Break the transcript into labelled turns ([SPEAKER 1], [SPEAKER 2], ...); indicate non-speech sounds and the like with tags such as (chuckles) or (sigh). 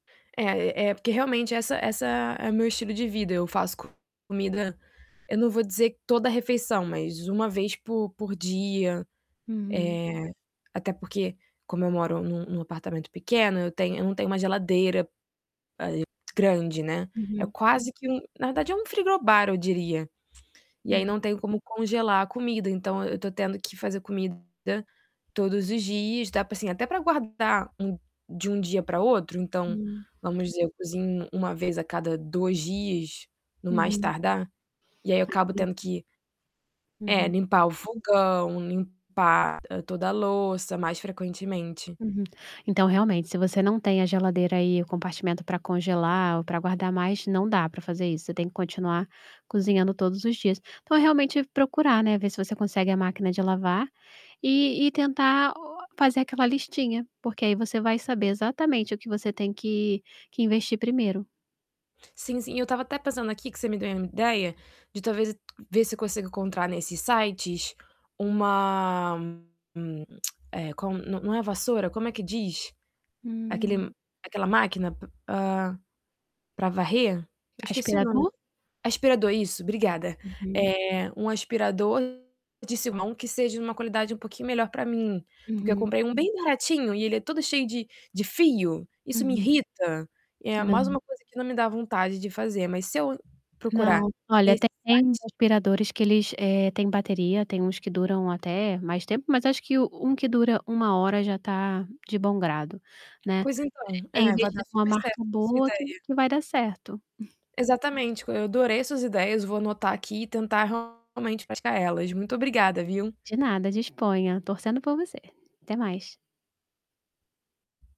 [SPEAKER 1] É, é porque realmente essa essa é o meu estilo de vida, eu faço comida eu não vou dizer toda refeição, mas 1 vez po por dia. Eh,
[SPEAKER 2] Uhum.
[SPEAKER 1] até porque, como eu moro num num apartamento pequeno, eu tenho eu não tenho uma geladeira, ah, eh, grande, né, é
[SPEAKER 2] Uhum.
[SPEAKER 1] quase que um na verdade, é um frigobar, eu diria. E aí,
[SPEAKER 2] Uhu
[SPEAKER 1] não tenho como congelar a comida, então eu tô tendo que fazer comida todos os dias, dá pra, assim, até pra guardar um de um dia pra outro, então,
[SPEAKER 2] Hum.
[SPEAKER 1] vamos dizer, eu cozinho 1 vez a cada 2 dias, no mais
[SPEAKER 2] Uhum.
[SPEAKER 1] tardar. E aí eu acabo tendo
[SPEAKER 2] (unintelligible)
[SPEAKER 1] que é,
[SPEAKER 2] Uhum.
[SPEAKER 1] limpar o fogão, limpar toda a louça, mais frequentemente.
[SPEAKER 2] Uhum. Então, realmente, se você não tem a geladeira aí, o compartimento pra congelar ou pra guardar mais, não dá pra fazer isso, você tem que continuar cozinhando todos os dias. Então é realmente procurar, né, ver se você consegue a máquina de lavar e e tentar o fazer aquela listinha, porque aí você vai saber exatamente o que você tem que que investir primeiro.
[SPEAKER 1] Sim, sim, eu tava até pensando aqui, que você me deu uma ideia, de talvez ver se eu consigo encontrar nesses sites uma hum, (clicks tongue) é, qual não não é vassoura, como é que diz?
[SPEAKER 2] Hum.
[SPEAKER 1] Aquele aquela máquina p ah, pra varrer? Eu esqueci o nome.
[SPEAKER 2] Aspirador?
[SPEAKER 1] Aspirador, isso, obrigada.
[SPEAKER 2] Uhum.
[SPEAKER 1] Eh, um aspirador de se mão, que seja uma qualidade um pouquinho melhor pra mim, porque eu
[SPEAKER 2] Uhum.
[SPEAKER 1] comprei um bem baratinho e ele é todo cheio de de fio, isso me
[SPEAKER 2] Uhum.
[SPEAKER 1] irrita. É mais
[SPEAKER 2] Não.
[SPEAKER 1] uma coisa que não me dá vontade de fazer, mas se eu procurar
[SPEAKER 2] Não, olha,
[SPEAKER 1] nesse
[SPEAKER 2] tem
[SPEAKER 1] site
[SPEAKER 2] aspiradores que eles, eh, têm bateria, tem uns que duram até mais tempo, mas acho que um que dura 1h hora já tá de bom grado, né.
[SPEAKER 1] Pois então,
[SPEAKER 2] (unintelligible) É
[SPEAKER 1] eh, vai dar
[SPEAKER 2] investir numa
[SPEAKER 1] super certo
[SPEAKER 2] marca
[SPEAKER 1] a sua
[SPEAKER 2] boa que
[SPEAKER 1] ideia.
[SPEAKER 2] que vai dar certo. (chuckles)
[SPEAKER 1] Exatamente, eu adorei suas ideias, vou anotar aqui e tentar, realmente, praticar elas. Muito obrigada, viu?
[SPEAKER 2] De nada, disponha. Torcendo por você. Até mais.